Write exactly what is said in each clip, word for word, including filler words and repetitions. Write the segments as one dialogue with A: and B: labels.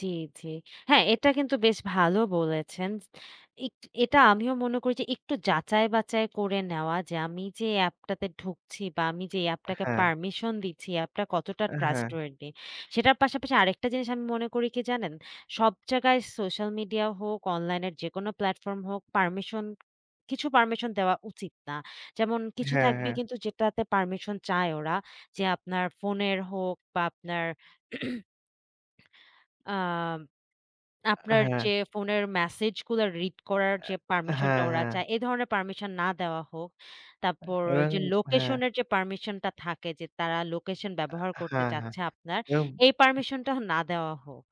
A: জি, জি। হ্যাঁ এটা কিন্তু বেশ ভালো বলেছেন। এট এটা আমিও মনে করি যে একটু বাচাই করে নেওয়া যে আমি যে অ্যাপটাতে ঢুকছি বা আমি যে এই
B: এ
A: অ্যাপটাকে
B: হ্যাঁ।
A: পারমিশন দিচ্ছি, অ্যাপটা কতটা
B: এ হ্যাঁ।
A: trustworthy সেটার পাশাপাশি আরেকটা জিনিস আমি মনে করি কি জানেন? সব জায়গায় সোশ্যাল মিডিয়া হোক, অনলাইন এর যেকোন প্লাটফর্ম হোক পারমিশন, কিছু পারমিশন দেওয়া উচিত না। যেমন কিছু
B: হ্যাঁ,
A: থাকবে
B: হ্যাঁ।
A: কিন্তু যেটাতে পারমিশন চায় ওরা যে আপনার ফোনের হোক বা আপনার আ
B: এ
A: আপনার
B: হ্যাঁ।
A: যে ফোনের মেসেজ গুলো রিড করার যে
B: আ
A: পারমিশন টা
B: হ্যাঁ,
A: ওরা
B: হ্যাঁ।
A: চায় এ ধরনের পারমিশন না দেওয়া হোক। তারপর
B: এবং
A: যে
B: হ্যাঁ।
A: লোকেশন এর যে পারমিশন টা থাকে যে তারা লোকেশন
B: আ
A: ব্যবহার করতে
B: হ্যাঁ, হ্যাঁ।
A: চাচ্ছে আপনার
B: এবং
A: এই পারমিশন টা না দেওয়া হোক।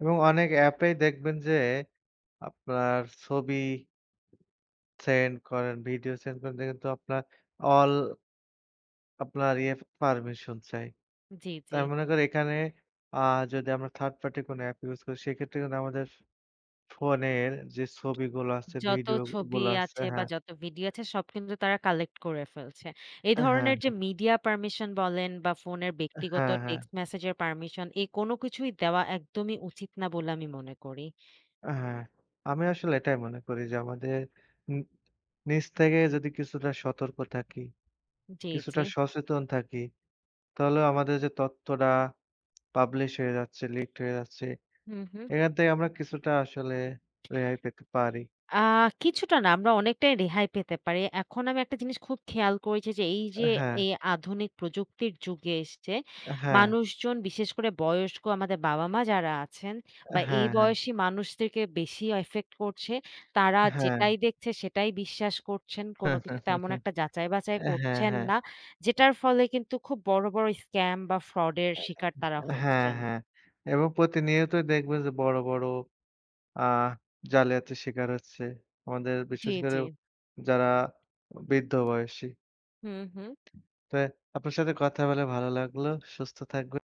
B: এবং অনেক অ্যাপেই দেখবেন যে আপনার ছবি সেন্ড করেন ভিডিও সেন্ড করতে কিন্তু আপনার অল আপনার ইএফ পারমিশন চায়।
A: জি, জি।
B: তাই মনে করো একানে আ যদি আমরা third party কোন অ্যাপ ইউস করি সেক্ষেত্রে কিন্তু আমাদের ফ ফোনের যে ছবিগুলো আছে,
A: যত
B: ভিডিও
A: ছবি
B: গুলো আছে
A: আছে বা
B: হ্যাঁ।
A: যত ভিডিও আছে সব কিন্তু তারা কালেক্ট করে ফেলছে। এ
B: আ হ্যাঁ,
A: ধরনের যে
B: হ্যাঁ।
A: মিডিয়া পারমিশন বলেন বা ফোনের ব্যক্তিগত
B: হ্যাঁ, হ্যাঁ।
A: টেক্সট মেসেজের পারমিশন এ কোন কিছুই দেওয়া একদমই উচিত না বলে আমি মনে করি।
B: ও হ্যাঁ, আমি আসলে এটাই মনে করি যে আমাদের ন নিজ থেকে যদি কিছুটা সতর্ক থাকি।
A: জি, জি।
B: কিছুটা সচেতন থাকি। তাহলে আমাদের যে তথ্যটা পাবলিশড হয়ে যাচ্ছে, লিকড হয়ে যাচ্ছে
A: হুম, হুম।
B: এখান থেকে আমরা কিছুটা আসলে রেহাই পেতে পারি।
A: আ কিছুটা না আমরা অনেকটাই রেহাই পেতে পারি। এখন আমি একটা জিনিস খুব খেয়াল করেছি যে, এই
B: এ
A: যে
B: হ্যাঁ।
A: এই আধুনিক প্রযুক্তির যুগে এসছে
B: এ হ্যাঁ।
A: মানুষজন, বিশেষ করে বয়স্ক আমাদের বাবা মা যারা আছেন
B: এ
A: বা এই
B: হ্যাঁ, হ্যাঁ।
A: বয়সী মানুষদেরকে বেশি ইফেক্ট করছে। তারা
B: হ্যাঁ।
A: যেটাই দেখছে সেটাই বিশ্বাস করছেন। কোন কিছু তেমন একটা বাচাই
B: হ্যাঁ,
A: করছেন
B: হ্যাঁ।
A: না। যেটার ফলে কিন্তু খুব বড়, বড় scam বা fraud এর
B: এ
A: শিকার তারা
B: হ্যাঁ,
A: হচ্ছেন।
B: হ্যাঁ। এবং প্রতিনিয়তই দেখবে যে বড়, বড় আ জালিয়াতির শিকার হচ্ছে। আমাদের
A: জি,
B: বিশেষ করে
A: জি।
B: যারা বৃদ্ধ বয়সী।
A: হুম, হুম।
B: তো আপনার সাথে কথা বলে ভালো লাগল, সুস্থ থাকবেন।